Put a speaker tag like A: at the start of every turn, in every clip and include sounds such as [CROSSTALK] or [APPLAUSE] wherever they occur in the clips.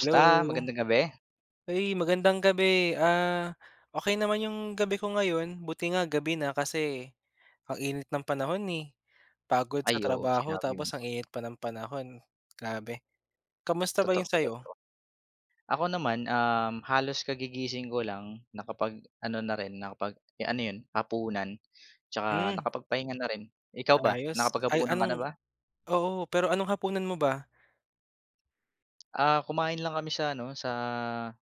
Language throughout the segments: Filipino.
A: Hello!
B: Magandang gabi.
A: Ay magandang gabi, ah, okey naman 'yung gabi ko ngayon. Buti nga gabi na kasi ang init ng panahon eh, pagod sa
B: Ay oo
A: trabaho
B: sinabi mo.
A: tapos ang init pa ng panahon, grabe. Kamusta ba
B: Totoo,
A: 'yung sa'yo?
B: totoo. Ako naman, um, halos kagigising ko lang, nakapag ano na rin nakapag eh ano yun, hapunan 'tsaka
A: Hmm.
B: nakapagpahinga na rin. Ikaw ba
A: Ayos, ay
B: nakapaghapunan ka na
A: anong
B: ba?
A: oo pero anong hapunan mo ba?
B: Ah kumain lang kami sa ano sa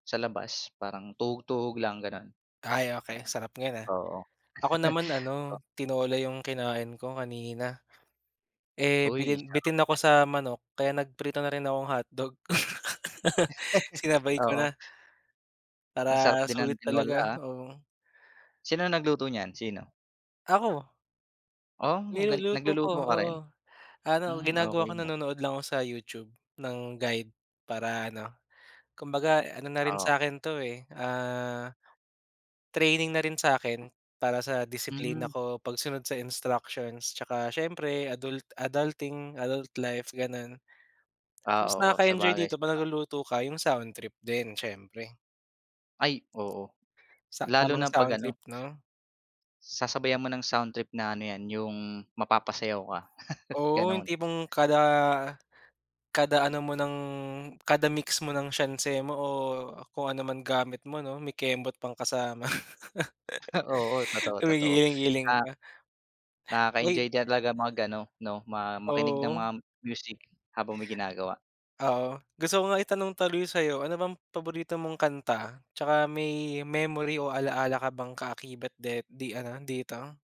B: sa labas, parang tuhog-tuhog lang gano'n.
A: Ay okey,
B: Ayan,
A: sarap niyan ah.
B: oo.
A: Ako naman
B: [LAUGHS]
A: ano, tinola 'yung kinain ko kanina. Eh
B: Uy
A: bitin
B: sarap
A: bitin ako
B: niyan.
A: sa manok kaya nagprito na rin ako ng hotdog. [LAUGHS]
B: [LAUGHS]
A: Sinabay ko
B: Oo.
A: na.
B: Ang sarap
A: Para
B: din
A: sulit
B: ng
A: talaga,
B: tinola ah.
A: oo.
B: Sino nagluto niyan, sino?
A: Ako.
B: Oh ang gali
A: Niluluto ko,
B: nagluluto ka
A: oo.
B: rin?
A: Ano
B: Hmm,
A: ginagawa ko
B: okey ah.
A: nanonood lang ako sa YouTube ng guide para ano, kumbaga ano na rin
B: Oo.
A: sa'kin to eh, ah, training na rin sa 'kin para sa disiplina
B: Hmm.
A: ko, pagsunod sa instructions, 'tsaka siyempre adult adulting, adult life gano'n.
B: Ah,
A: Tapos
B: oo
A: nakaka-enjoy
B: sabagay,
A: dito 'pag
B: saba
A: nagluluto ka 'yung soundtrip din siyempre.
B: Ay oo,
A: Sa
B: lalo
A: tamang
B: na
A: sound
B: pag-ano
A: trip 'no.
B: sasabayan mo ng soundtrip na ano 'yan, 'yung mapapasayaw ka. [LAUGHS]
A: Oo 'yung
B: Ganun.
A: tipong kada kada ano mo ng kada mix mo ng sianse mo, o kung ano man gamit mo 'no may kembot pang kasama.
B: Ah oo,
A: [LAUGHS]
B: totoo, totoo,
A: Gumigiling-giling
B: ah
A: ka. Uy!
B: Nakaka-enjoy din talaga mag-ano 'no, ma makinig ng
A: 0o.
B: mga music habang may ginagawa.
A: Oo, gusto ko nga itanong tuloy sa'yo, ano bang paborito mong kanta, 'tsaka may memory o ala-ala ka bang kaakibat de di ano dito?